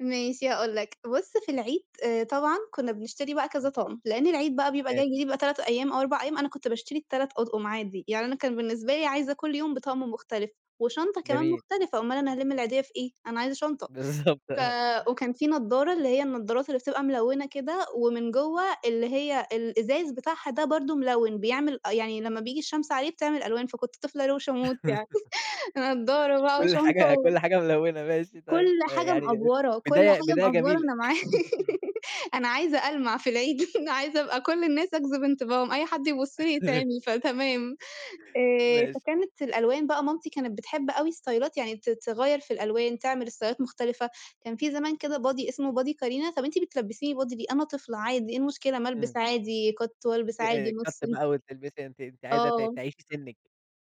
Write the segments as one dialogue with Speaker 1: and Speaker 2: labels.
Speaker 1: ماشي هاقول لك، بُص في العيد آآ طبعًا كنا بنشتري بقى كذا
Speaker 2: [unintelligible]
Speaker 1: طقم، لأن العيد بقى بيبقى
Speaker 2: ماشي.
Speaker 1: جاي بيبقى 3 أيام، أو 4 أيام. أنا كنت باشتري ال3 أطقم عادي، يعني أنا كان بالنسبة لي عايزة كل يوم بطقم مختلف، وشنطة كمان
Speaker 2: جميل.
Speaker 1: مختلفة، اومال أنا هالِم العيدية في إيه؟ أنا عايزة شنطة.
Speaker 2: بالضبط
Speaker 1: ف
Speaker 2: آه.
Speaker 1: وكان في نضارة اللي هي النضارات اللي بتبقى ملونة كده، ومن جوّا اللي هي الإزاز بتاعها ده برضه ملون، بيعمل أ يعني لما بييجي الشمس عليه بتعمل ألوان، فكنت طفلة روشة موت يعني نضارة بقى
Speaker 2: كل
Speaker 1: وشنطة
Speaker 2: حاجة
Speaker 1: و
Speaker 2: كل
Speaker 1: [unintelligible]
Speaker 2: حاجة ملونة ماشي
Speaker 1: كل
Speaker 2: طيب، آآ
Speaker 1: حاجة
Speaker 2: يعني
Speaker 1: مأفورة كل
Speaker 2: بداية
Speaker 1: حاجة
Speaker 2: بداية
Speaker 1: مأفورة
Speaker 2: جميلة.
Speaker 1: أنا مع أنا عايزة ألمع في العيد أنا عايزة أبقى كل الناس أجذب انتباههم، أي حد يبُص لي يتعمي، فتمام آآ
Speaker 2: ماشي.
Speaker 1: فكانت الألوان بقى مامتي كانت بتحب أوي استايلات يعني ت تغيّر في الألوان تعمل استايلات مختلفة، كان في زمان كده بادي إسمه بادي كارينا طَب أنتِ بتلبسيني بادي ليه، أنا طفلة عادي ايه المشكلة ما
Speaker 2: إمم.
Speaker 1: البس عادي كَت وألبس
Speaker 2: آآ
Speaker 1: عادي نُص
Speaker 2: كت
Speaker 1: [unintelligible]
Speaker 2: بقى وتلبسي أنتِ أنتِ عايزة ت
Speaker 1: آه.
Speaker 2: تعيشي سِنك.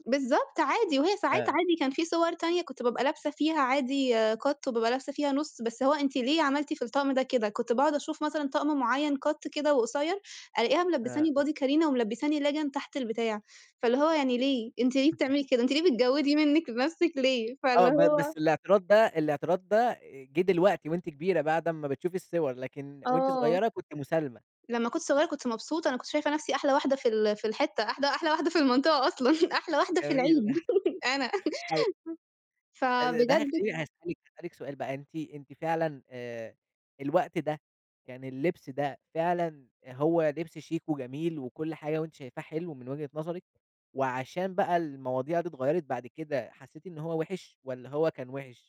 Speaker 1: بالضبط عادي، وهي ساعات
Speaker 2: آه.
Speaker 1: عادي كان في صور تانية كنت بابقى لابسة فيها عادي كت، وبابقى لابسة فيها نُص، بس هو أنتِ ليه عملتِ في الطقم ده كده؟ كنت باقعد أشوف مثلًا طقم معين كت كده وقصير، ألاقيها ملبساني
Speaker 2: آه.
Speaker 1: بادي كارينا وملبساني ليجن تحت البتاع، فاللي هو يعني ليه؟ أنتِ ليه بتعملي كده؟ أنتِ ليه بتجودي منِك لنفسِك ليه
Speaker 2: آه
Speaker 1: فاللي
Speaker 2: ب
Speaker 1: هو
Speaker 2: بس الاعتراض ده الاعتراض ده جه دلوقتي وأنتِ كبيرة بعد أمّا بتشوفي الصور، لكن وأنتِ
Speaker 1: آه.
Speaker 2: صغيرة كنتِ مسالمة.
Speaker 1: لمّا كنت صغيرة كنت مبسوطة، أنا كنت شايفة نفسي أحلى واحدة في ال في الحتة أحلى أحلى واحدة في المنطقة أصلًا أحلى واحدة في
Speaker 2: جميل.
Speaker 1: العيد أنا
Speaker 2: أي [unintelligible] ده
Speaker 1: فبجد
Speaker 2: هيخليني هاسألِك هاسألِك سؤال بقى أنتِ أنتِ فعلًا آآ الوقت ده يعني اللبس ده فعلًا هو لبس شيك وجميل، وكل حاجة، وأنتِ شايفاه حلو من وجهة نظرِك، وعشان بقى المواضيع دي اتغيرت بعد كده حسيتِ إن هو وحِش والّا هو كان وحِش؟